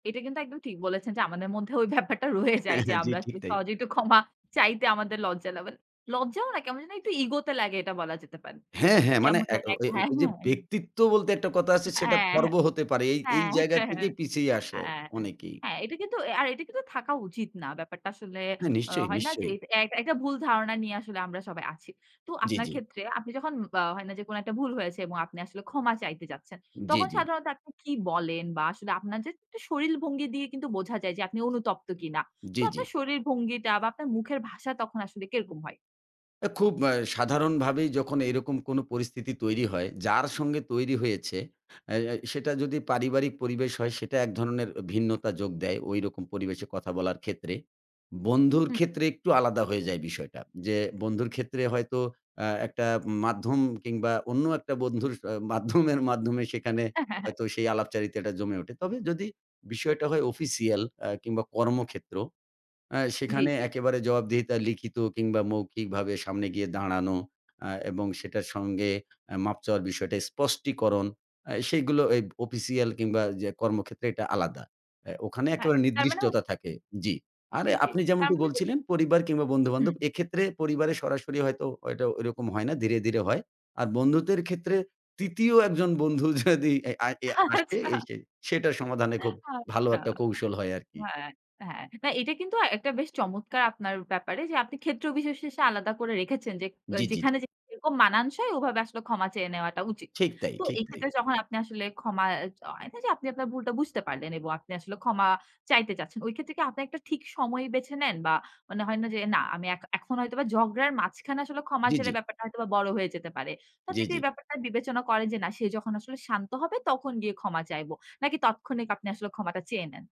এটা কিন্তু একদম ঠিক বলেছেন যে, আমাদের মধ্যে ওই ব্যাপারটা রয়ে যায় হ্যাঁ, যে, হ্যাঁ। জি, আমরা ঠিক আসলে তাই। সহজেই একটু ক্ষমা চাইতে আমাদের লজ্জা লাগে। লজ্জাও না, কেমন যেন একটু ইগোতে লাগে, এটা বলা যেতে পারে। হ্যাঁ, অ্যা হ্যাঁ মানে কেমন এক জানি ঐ ঐ একটা হ্যাঁ, ঐযে হ্যাঁ, হ্যাঁ। ব্যক্তিত্ব বলতে একটা কথা আছে, সেটা অ্যা খর্ব হতে পারে। এই, এই হ্যাঁ। জায়গা থেকেই হ্যাঁ। পিছিয়ে আসে অনেকেই। হ্যাঁ, এটা কিন্তু অ্যা আর এটা কিন্তু থাকা উচিত না। ব্যাপারটা আসলে হ্যাঁ, আ নিশ্চয়ই, হয় না যে, নিশ্চয়ই। এক একটা ভুল ধারণা নিয়ে আসলে আমরা সবাই আছি। তো জি, আপনার জি। ক্ষেত্রে, আপনি যখন বা হয় না যে কোনো একটা ভুল হয়েছে এবং আপনি আসলে ক্ষমা চাইতে যাচ্ছেন, জি, তখন জি। সাধারণত আপনি কি বলেন বা আসলে আপনার যে একটু শরীর ভঙ্গি দিয়ে কিন্তু বোঝা যায় যে, আপনি অনুতপ্ত কিনা? তো জি, জি। আপনার শরীর ভঙ্গিটা বা আপনার মুখের ভাষা তখন আসলে কিরকম হয়? অ্যা খুব আ সাধারণভাবেই যখন এরকম কোন পরিস্থিতি তৈরি হয়, যার সঙ্গে তৈরি হয়েছে আ আ সেটা যদি পারিবারিক পরিবেশ হয়, সেটা এক ধরণের অ ভিন্নতা যোগ দেয়। ঐরকম পরিবেশে কথা বলার ক্ষেত্রে। বন্ধুর হু। ক্ষেত্রে একটু আলাদা হয়ে যায় বিষয়টা। যে বন্ধুর ক্ষেত্রে হয়তো আ একটা মাধ্যম কিংবা অন্য একটা বন্ধুর স মাধ্যমের মাধ্যমে সেখানে হয়তো সেই আলাপচারিতাটা জমে ওঠে। তবে যদি বিষয়টা হয় অফিসিয়াল, অ্যা কিংবা কর্মক্ষেত্র, আ জি, সেখানে জি। একেবারে জবাবদিহিতা লিখিত কিংবা মৌখিকভাবে, সামনে গিয়ে দাঁড়ানো, আ এবং সেটার সঙ্গে অ্যা মাফ চাওয়ার বিষয়টা, স্পষ্টীকরণ আ সেইগুলো এই অফিসিয়াল কিংবা যে কর্মক্ষেত্রে এটা আলাদা। অ্যা ওখানে হ্যাঁ, একেবারে তার মানে হ নির্দিষ্টতা থাকে, জি। আরে জি, জি, আপনি তার যেমনটি মানে, যে বলছিলেন, পরিবার কিংবা বন্ধুবান্ধব; হু। এক্ষেত্রে পরিবারে সরাসরি হয়তো, হয়তো ঐরকম হয় না, ধীরে, ধীরে হয়। আর বন্ধুদের ক্ষেত্রে ৩য় একজন বন্ধু যদি অ্যা আ অ্যা আসে, আচ্ছা। এই সেই সেটার সমাধানে খুব ভালো আচ্ছা। একটা কৌশল হয় আরকি। হ্যাঁ, হ্যাঁ। হ্যাঁ, এটা কিন্তু একটা বেশ চমৎকার আপনার ব্যাপারে যে, আপনি ক্ষেত্র বিশেষে আলাদা করে রেখেছেন। যেক অ জি, জি, জি। যেখানে যেরকম মানানসই, ওভাবে আসলে ক্ষমা চেয়ে নেওয়াটা উচিত। ঠিক তাই, তো ঠিক এই তাই। ক্ষেত্রে যখন আপনি আসলে ক্ষমা অ্যা য হয় না যে, আপনি আপনার ভুলটা বুঝতে পারলেন এবং আপনি আসলে ক্ষমা চাইতে চাচ্ছেন। ওই ক্ষেত্রে কি আপনি একটা ঠিক সময় বেছে নেন? বা মানে হয় না যে, "না আমি এখ এখন হয়তোবা ঝগড়ার মাঝখানে আসলে ক্ষমা জি, চাইলে জি। ব্যাপারটা হয়তোবা বড় হয়ে যেতে পারে।" তো জি, আপনি কি জি। এই ব্যাপারটা বিবেচনা করেন যে, "না সে যখন আসলে শান্ত হবে, তখন গিয়ে ক্ষমা চাইবো।" নাকি তাৎক্ষণিক আপনি আসলে ক্ষমাটা চেয়ে নেন?